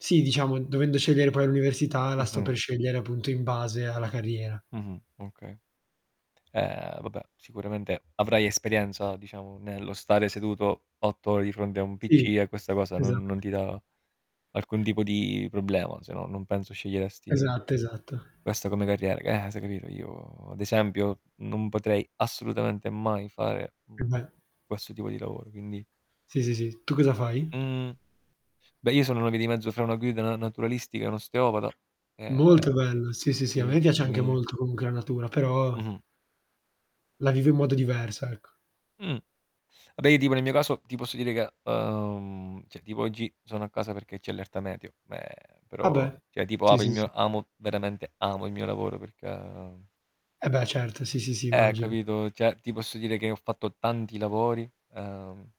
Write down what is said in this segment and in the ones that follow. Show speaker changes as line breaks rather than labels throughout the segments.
Sì, diciamo, dovendo scegliere poi l'università, la sto
Mh-mh.
per scegliere, appunto, in base alla carriera.
Mh-mh. Okay. Ehm, vabbè, sicuramente avrai esperienza, diciamo, nello stare seduto 8 ore di fronte a un PC,
Sì,
e questa cosa non non ti
Esatto.
dà alcun tipo di problema, se no non penso sceglieresti
Esatto, esatto.
questa come carriera. G eh, se, capito. Io, ad esempio, non potrei assolutamente mai fare, mhmm,
E vai
questo tipo di lavoro, quindi
Sì, sì, sì, tu cosa fai?
Mhmm, beh, io sono una via di mezzo fra una guida na naturalistica e un osteopata, ehm,
Molto bello, sì, sì, sì, a me mi
ci
piace anche
quindi
molto comunque la natura però
Mh-mh.
la vivo in modo diverso ecco.
Mh. Vabbè, io tipo nel mio caso, ti posso dire che, uhm, cioè tipo oggi sono a casa perché c'è allerta meteo, meh,
Ah
però
beh,
cioè tipo
sì,
apo il
sì,
mio
s
amo veramente amo il mio lavoro perché
E beh, certo, sì, sì, sì,
Eh,
immagino.
capito, cioè ti posso dire che ho fatto tanti lavori, ehm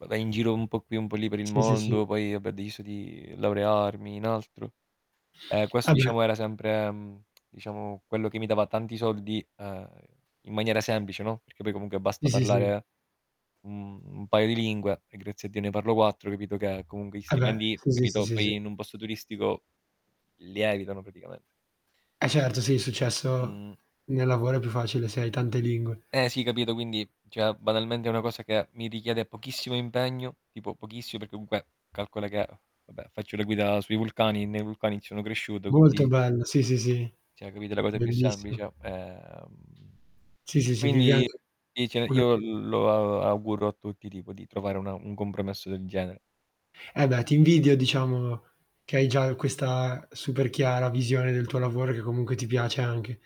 Va vai in giro un po' qui un po' lì per il
Sì, sì, sì.
mondo, poi, va beh, ho deciso di laurearmi in altro. Ehm, questo
Eh beh.
diciamo era sempre, mhmm, diciamo quello che mi dava tanti soldi, ehm, in maniera semplice, no, perché poi comunque basta
Sì, sì, sì.
parlare un un paio di lingue, e grazie a Dio ne parlo 4, capito, che comunque gli
Eh beh.
stipendi,
Sì, sì, sì,
capito,
sì,
poi
sì.
in un posto turistico, lievitano praticame
E certo sì è successo
Mh.
nel lavoro è più facile se hai tante lingue.
Eh sì, capito, quindi cioè banalmente è una cosa che mi richiede pochissimo impegno, tipo pochissi perché comunque calcola che vabbè, faccio la guida sui vulcani e nei vulcani sono cresciuto,
Molto
quindi
bello, sì, sì, sì,
cioè, capito, la cosa più
bellissimo.
semplice, ehm
Sì,
E
sì, sì, vivi
quindi
anche una
io
d
lo auguro a tutti, tipo, di trovare una un compromesso del genere.
Eh beh, ti invidio, diciamo, che hai già questa super chiara visione del tuo lavoro, e che comunque ti piace anche.